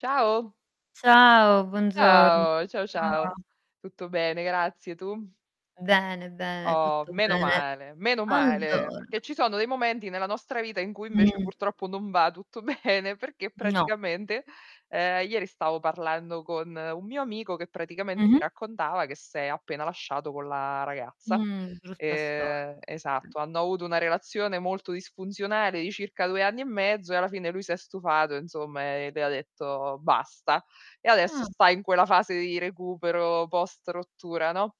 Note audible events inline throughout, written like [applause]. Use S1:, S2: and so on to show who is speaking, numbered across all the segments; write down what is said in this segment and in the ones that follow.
S1: Ciao.
S2: Ciao, buongiorno.
S1: Ciao, ciao
S2: Come va?
S1: ciao. Tutto bene grazie, tu?
S2: Bene, bene,
S1: Oh,
S2: tutto
S1: meno
S2: bene.
S1: male, meno male,
S2: Allora
S1: perché ci sono dei momenti nella nostra vita, in cui invece
S2: Mh.
S1: purtroppo non va tutto bene, perché
S2: No.
S1: praticamente, ehm, ieri stavo parlando con un mio amico, che praticamente mi
S2: Mh-mh.
S1: raccontava che s'è appena lasciato con la ragazza.
S2: Mhmm, brutta storia.
S1: Ehm
S2: Okay.
S1: esatto, hanno avuto una relazione molto disfunzionale di circa 2 anni e mezzo e alla fine lui si è stufato insomma, e le ha detto basta. E adesso
S2: Ah.
S1: sta in quella fase di recupero post rottura, no,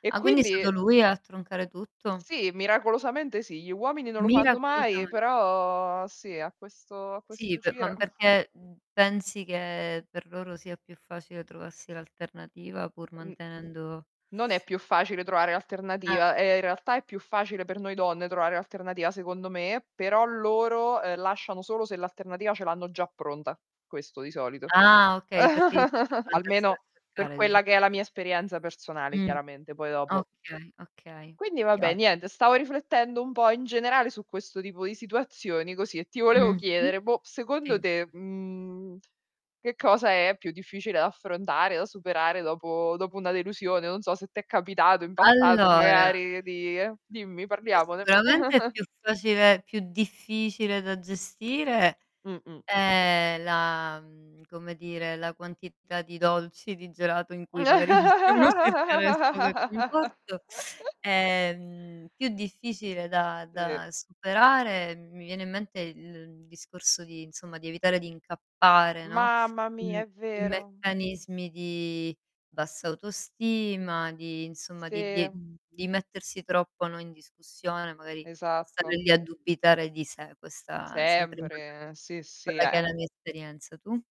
S1: e
S2: Ah, quindi è
S1: quindi
S2: stato lui a troncare tutto?
S1: Sì, miracolosamente sì, gli uomini non lo fanno mai,
S2: Miracolosame
S1: però sì a questo a questo
S2: Sì, pe
S1: giro
S2: ma perché, mhmm, pensi che per loro sia più facile trovarsi l'alternativa, pur
S1: Mh.
S2: mantenendo
S1: Non è più facile trovare
S2: Ah.
S1: l'alternativa, ehm, in realtà è più facile per noi donne trovare l'alternativa secondo me, però loro lasciano solo se l'alternativa ce l'hanno già pronta, questo di solito.
S2: Ah, okay, perché gli secca pure
S1: [giggles]
S2: andarsela a
S1: Almeno, per
S2: cercare dici.
S1: quella che è la mia esperienza personale
S2: Mh.
S1: chiaramente, poi dopo
S2: Okay, okay,
S1: Quindi vabbè,
S2: chiaro.
S1: niente, stavo riflettendo un po' in generale su questo tipo di situazioni così, e ti volevo
S2: Mh-mh.
S1: chiedere, boh, secondo
S2: Sì.
S1: te, mhmm, che cosa è più difficile da affrontare, da superare dopo dopo una delusione? Non so se t'è capitato in passato,
S2: Allora
S1: magari di dimmi,
S2: beh,
S1: parliamone.
S2: sicuramente è
S1: [giggles]
S2: più facile più difficile da gestire
S1: Mh, mh.
S2: è la, mhmm, come dire, la quantità di dolci, di gelato in cui magari possiamo cercare [unintelligible] conforto.
S1: [laughs]
S2: Ehm, più difficile da
S1: Sì.
S2: da superare, mi viene in mente il discorso di insomma, di evitare di incappare, no,
S1: Mamma mia, è
S2: in
S1: vero.
S2: meccanismi di bassa autostima, di insomma, di di
S1: Sì.
S2: di mettersi troppo, no, in discussione, magari stare
S1: Esatto.
S2: lì a dubitare di sé, questa è sempre
S1: Sempre, sì, sì.
S2: quella che è la
S1: Eh.
S2: mia esperienza, tu?